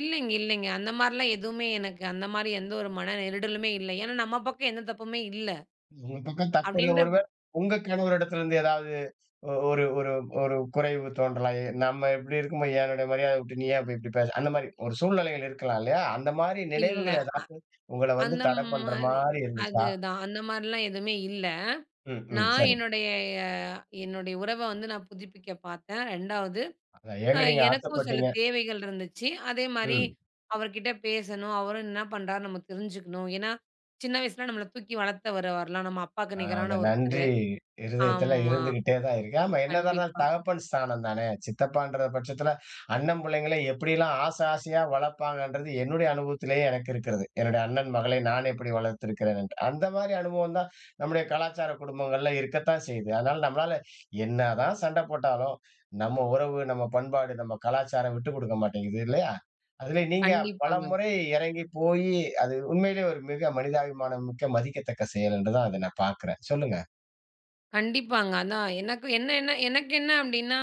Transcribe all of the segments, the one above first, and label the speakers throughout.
Speaker 1: இல்லைங்க, இல்லைங்க. அந்த மாரி எல்லாம் எதுவுமே எனக்கு அந்த மாரி எந்த ஒரு மன நெருடலுமே இல்லை. ஏன்னா, நம்ம பக்கம் எந்தத் தப்பும் இல்ல.
Speaker 2: உங்க பக்கம் தப்பு இல்ல
Speaker 1: அப்படின்றப்
Speaker 2: பொழுது, உங்க கணவர் இடத்திலிருந்து ஏதாவது ஒரு ஒரு ஒரு குறைவு தோன்றலாம். எ நம்ம எப்படி இருக்கும்போது, என்னுடைய மரியாதை விட்டு நீ அப்படி இப்படி பேசுற அந்த மாரி ஒரு சூழ்நிலைகள் இருக்கலாம். இல்லையா? அந்த மாரி
Speaker 1: இல்ல,
Speaker 2: நினைவுகள் ஏதாச்சும் உங்களை
Speaker 1: அ
Speaker 2: வந்து
Speaker 1: அந்த
Speaker 2: தடை பண்ற
Speaker 1: மாரி
Speaker 2: மாரி
Speaker 1: அது
Speaker 2: இருந்துச்சா?
Speaker 1: தான், அந்த மாரிலாம் எதுவுமே இல்ல.
Speaker 2: ம், ம்,
Speaker 1: நான்
Speaker 2: சரி.
Speaker 1: என்னுடைய அ, என்னுடைய உறவ வந்து, நான் புதுப்பிக்க பாத்தேன். 2வது
Speaker 2: ஏங்க,
Speaker 1: எ
Speaker 2: நீங்க
Speaker 1: எனக்கும் சில
Speaker 2: ஆசைப்பட்டீங்க?
Speaker 1: தேவைகள் இருந்துச்சு. அதே, மாரி
Speaker 2: ம்.
Speaker 1: அவர்கிட்ட பேசணும், அவரு என்ன பண்றார்ன்னு நாம தெரிஞ்சுக்கணும், ஏன்னா சின்ன வயசுல நம்மள தூக்கி வளர்த்தவரு அவர்லாம். நம்ம அப்பாவுக்கு
Speaker 2: அ. அந்த
Speaker 1: நிகரான
Speaker 2: நன்றி
Speaker 1: ஒருத்தரு.
Speaker 2: இருதயத்துல
Speaker 1: ஆமா
Speaker 2: இருந்துகிட்டே தான் இருக்க, ஆமா என்னதான் இருந்தாலும்
Speaker 1: கண்டிப்பா.
Speaker 2: தகப்பன் ஸ்தானம்தானே, சித்தப்பான்ற பட்சத்துல அண்ணன் புள்ளைங்களை எப்படியெல்லாம் ஆசை ஆசையா வளர்ப்பாங்கன்றது, என்னுடைய அனுபவத்திலேயே எனக்கு இருக்கிறது. என்னுடைய அண்ணன் மகளை நான் எப்படி வளர்த்திருக்கிறேன் என்று. அந்த மாரி, அனுபவம் தான் நம்முடைய கலாச்சார குடும்பங்கள்ல இருக்கத்தான் செய்யுது. அதனால, நம்மளால என்னதான் சண்டை போட்டாலும் நம்ம உறவு, நம்ம பண்பாடு, நம்ம கலாச்சாரம் விட்டுக்கொடுக்க மாட்டிங்குது இல்லேயா? அதுலே நீங்க பல
Speaker 1: கண்டிப்பாங்க.
Speaker 2: முறை இறங்கிப் போயி அது உண்மையிலே ஒரு மிக மனிதாபிமானமிக்க மதிக்கத்தக்க செயல் என்று தான், அதை நான் பாக்கறேன். சொல்லுங்க.
Speaker 1: கண்டிப்பாங்க. அதான், எனக்கு என்ன எனக்கு என்ன அப்டின்னா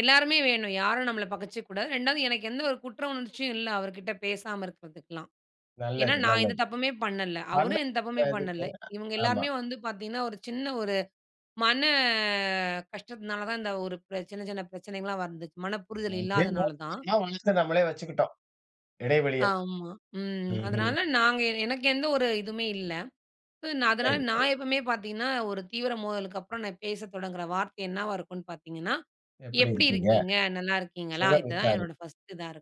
Speaker 1: எல்லாருமே வேணும். யாரும் நம்மள பகச்சுக்க கூடாது. இரண்டாவது எனக்கு எந்த ஒரு குற்ற உணர்ச்சியும் இல்ல, அவர்கிட்ட பேசாம இருக்குறதுக்கெல்லாம். ஏன்னா,
Speaker 2: நல்லது
Speaker 1: நான்
Speaker 2: நல்லது.
Speaker 1: எந்தத் தப்புமே பண்ணல,
Speaker 2: நல்ல
Speaker 1: அவரு எந்தத் தப்புமே
Speaker 2: ஒரு இதுக்கு,
Speaker 1: பண்ணல. இவங்க
Speaker 2: ஆமா.
Speaker 1: எல்லாருமே வந்து பாத்தீங்கன்னா ஒரு சின்ன ஒரு மன கஷ்டத்துனால தான், இந்த ஒரு பிரச்சன சின்ன சின்னப் பிரச்சனைகள் எல்லாம் வந்துச்சி, மனப்புரிதல்
Speaker 2: எப்பயும் போல
Speaker 1: இல்லாதனாலதான்.
Speaker 2: [unintelligible] வழக்கம் நம்மளே வச்சுக்கிட்டோம். இடைவெளிய.
Speaker 1: ஆமா, ம்.
Speaker 2: ம்ஹ்ம்.
Speaker 1: அதனால, நாங்க எனக்கு எந்த ஒரு இதுமே இல்ல. அதனால,
Speaker 2: சரி, சரி.
Speaker 1: நான் எப்பவுமே பாத்தீங்கன்னா ஒரு தீவிர மோதலுக்கு அப்புறம் பேசத் தொடங்குற வார்த்தை என்னவா இருக்கும்னு பாத்தீங்கன்னா,
Speaker 2: எப்படி
Speaker 1: எப்படி
Speaker 2: இருக்கீங்க?
Speaker 1: இருக்கீங்க? நல்லா இருக்கீங்களா?
Speaker 2: சுகம்
Speaker 1: இது தான்
Speaker 2: விசாரி.
Speaker 1: என்னோட பஸ்ட் இதான் இருக்கும்.